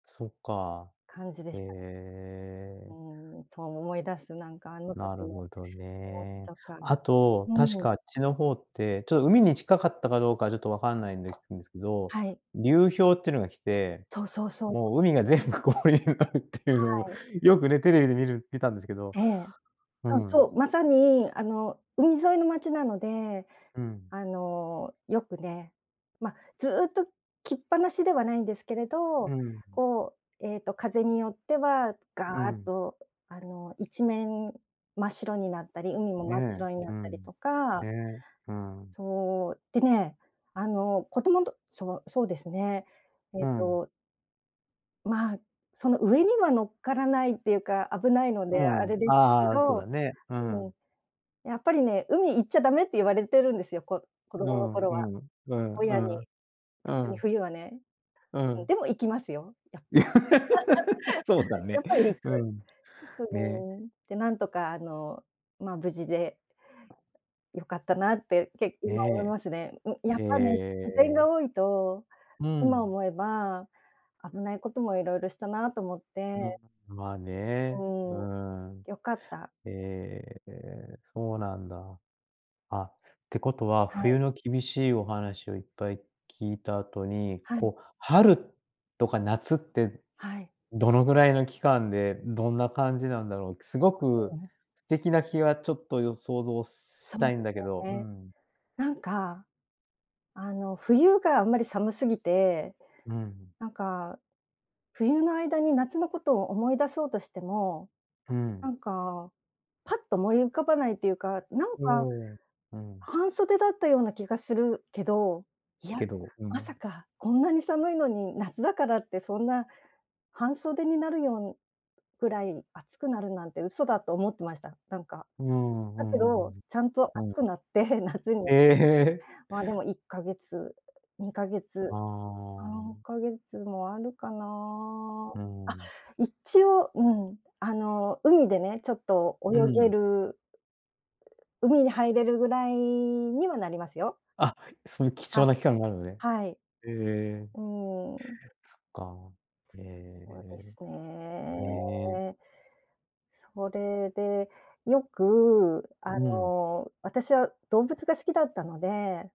そっか、感じでへしたね。うえ。ーん、と思い出す、なんか、あの時なるのほど気持ちね。とか、あと、確うん。かあっちの方って、ちょっと海に近かったかどうかちょっとわかんないんでんですけど、はい。流氷っていうのが来て、とう、そうそう。もう海が [unintelligible] 全部氷になるっていう、はい。よくね、テレビで見る見たんですけどええ、ううん、そん。う、まさに、あの、海沿いの町なので、うん。あの、よくね、ま、ずっときっぱなしではないんですけれど、うん、うん。こう、ええと、風によってはガうーっん。とあの、一面真っ白になったり、海も真っね、白になうったりん。とかね、うん。そう、でね、あの、子供とそう、そうですね。えうえん。とま、その上には乗っからないっていうか危ないのうであん、れでけああ、そうど、だね、うでも、ん。やっぱりね、海行っちゃダメって言われてるんですよ、こ子う供のん、頃うは、ん。うん、う親に。ん。う特にん。冬はね。ういん。でも行きますよ、やっぱ。そうだ やっね、ぱり行うく。ん。で、そね。の、でなんとかあの、ま、無事でよかったなって、け今思いね。ますね。うん、やっえぱね自然え。が多いと、う今ん。思えば危ないこともいろいろしたなと思っうて。ん、まあうん、ね、うーん。よかった。ええ、そうなんだ。あ、てことは、はい。冬の厳しいお話をいっぱい聞いた後に、はい。こう、春とか夏ってはい。どのぐらいの期間でどんな感じなんだろう。すごおくう、ふ素敵な日はちょっとよ想像しそうでたいんだけすど。ようね。ん。なんか、あの、冬があんまり寒すぎて、うんうん。なんか、冬の間に夏のことを思い出そうとしても、うなん。んか、ぱっと思い浮かばないっていうか、なんおかお。うん。半袖だったような気がするけど、いや、けどうまん。さかこんなに寒いのに、夏だからってそんな半袖になるように、くらい暑くなるなんて嘘だと思ってました、なんか。うん、うだけんうんうど、ん。ちゃんと暑うくん。なって夏に、え、へえ、へ。までも1ヶ月、2ヶ月、あさんあ。かげつもあるかな。うあ、ん。一応、うん、あの、海でねちょっとう泳げん。る海に入れるぐらいにはなりますよ。あ、そういう貴あ、重な期間があるのね。はい。へえ。へ、や、うーん。そっか。すえほうですえ。ね。ね。それで、よくあうん。の、私は動物が好きだったので